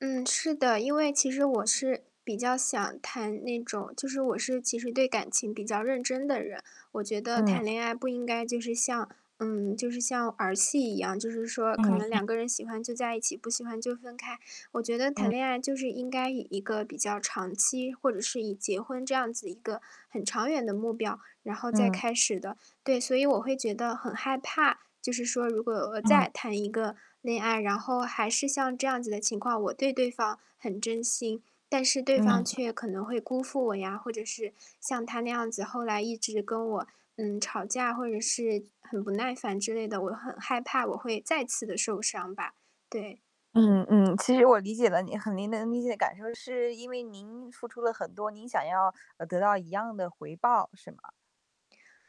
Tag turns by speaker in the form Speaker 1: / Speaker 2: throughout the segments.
Speaker 1: 嗯，是的。因为其实我是比较想谈那种就是我是其实对感情比较认真的人。我觉得
Speaker 2: 嗯。
Speaker 1: 谈恋爱不应该就是像嗯，就是像儿戏一样，就是说可能
Speaker 2: 嗯。
Speaker 1: 两个人喜欢就在一起，不喜欢就分开。我觉得
Speaker 2: 嗯。
Speaker 1: 谈恋爱就是应该以一个比较长期或者是以结婚这样子一个很长远的目标，然后再
Speaker 2: 嗯。
Speaker 1: 开始的。对，所以我会觉得很害怕，就是说如果我
Speaker 2: 嗯。
Speaker 1: 再谈一个恋爱，然后还是像这样子的情况，我对对方很真心，但是对方
Speaker 2: 嗯。
Speaker 1: 却可能会辜负我呀，或者是像他那样子，后来一直跟我，嗯，吵架或者是很不耐烦之类的，我很害怕我会再次地受伤吧，对。
Speaker 2: 嗯，嗯。其实我理解了您，很您能理解感受，是因为您付出了很多，您想要，呃，得到一样的回报，是吗？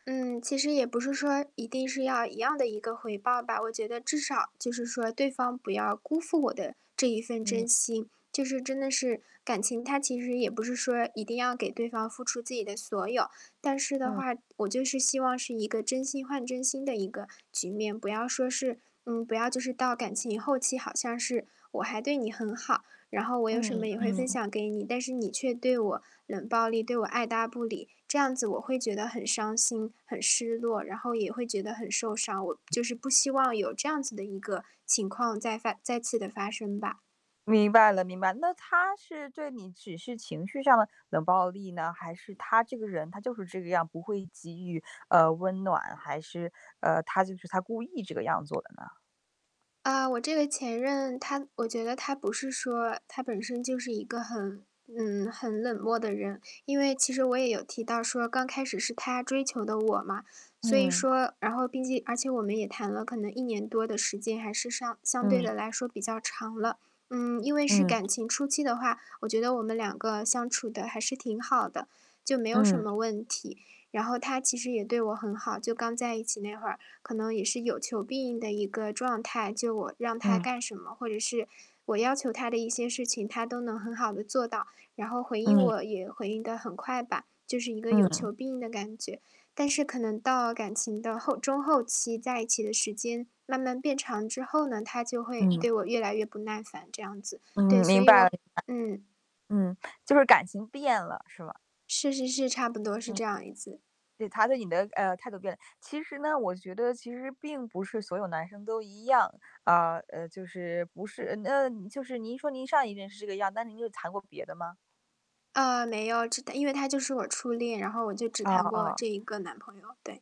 Speaker 1: 嗯，其实也不是说一定是要一样的一个回报吧，我觉得至少就是说对方不要辜负我的这一份
Speaker 2: 嗯。
Speaker 1: 真心，就是真的是感情它其实也不是说一定要给对方付出自己的所有，但是的
Speaker 2: 嗯。
Speaker 1: 话，我就是希望是一个真心换真心的一个局面，不要说是嗯，不要就是到感情后期好像是，我还对你很好，然后我有什
Speaker 2: 嗯，
Speaker 1: 么也会分
Speaker 2: 嗯。
Speaker 1: 享给你，但是你却对我冷暴力，对我爱搭不理，这样子我会觉得很伤心、很失落，然后也会觉得很受伤。我就是不希望有这样子的一个情况再发再次的发生吧。
Speaker 2: 明白了，明白了。那他是对你只是情绪上的冷暴力呢？还是他这个人，他就是这个样，不会给予，呃，温暖，还是，呃，他就是他故意这个样做的呢？
Speaker 1: 啊，我这个前任他我觉得他不是说他本身就是一个很嗯，很冷漠的人。因为其实我也有提到说刚开始是他追求的我嘛，所以
Speaker 2: 嗯。
Speaker 1: 说然后毕竟而且我们也谈了可能1年多的时间，还是上相对
Speaker 2: 嗯。
Speaker 1: 地来说比较长了。嗯，因为是
Speaker 2: 嗯。
Speaker 1: 感情初期的话，我觉得我们两个相处得还是挺好的，就没有什
Speaker 2: 嗯。
Speaker 1: 么问题。然后他其实也对我很好，就刚在一起那会儿，可能也是有求必应的一个状态，就我让他
Speaker 2: 嗯。
Speaker 1: 干什么，或者是我要求他的一些事情，他都能很好地做到，然后回应
Speaker 2: 嗯。
Speaker 1: 我也回应得很快吧，就是一个有
Speaker 2: 嗯。
Speaker 1: 求必应的感觉。但是可能到感情的后中后期，在一起的时间慢慢变长之后呢，他就会
Speaker 2: 嗯。
Speaker 1: 对我越来越不耐烦这样子。对，
Speaker 2: 嗯，
Speaker 1: 所
Speaker 2: 明
Speaker 1: 以
Speaker 2: 白明白。
Speaker 1: 我嗯。
Speaker 2: 嗯，就是感情变了，是吧？
Speaker 1: 是是是，差不多是
Speaker 2: 嗯。
Speaker 1: 这样一次。
Speaker 2: 对，他对你的呃，态度变了。其实呢，我觉得其实并不是所有男生都一样，啊，呃，就是不是呃您就是您说您上一任是这个样，那您又谈过别的吗？
Speaker 1: 啊，没有，只谈因为他就是我初恋，然后我就只
Speaker 2: 哦，
Speaker 1: 谈过
Speaker 2: 哦。
Speaker 1: 这一个男朋友，对。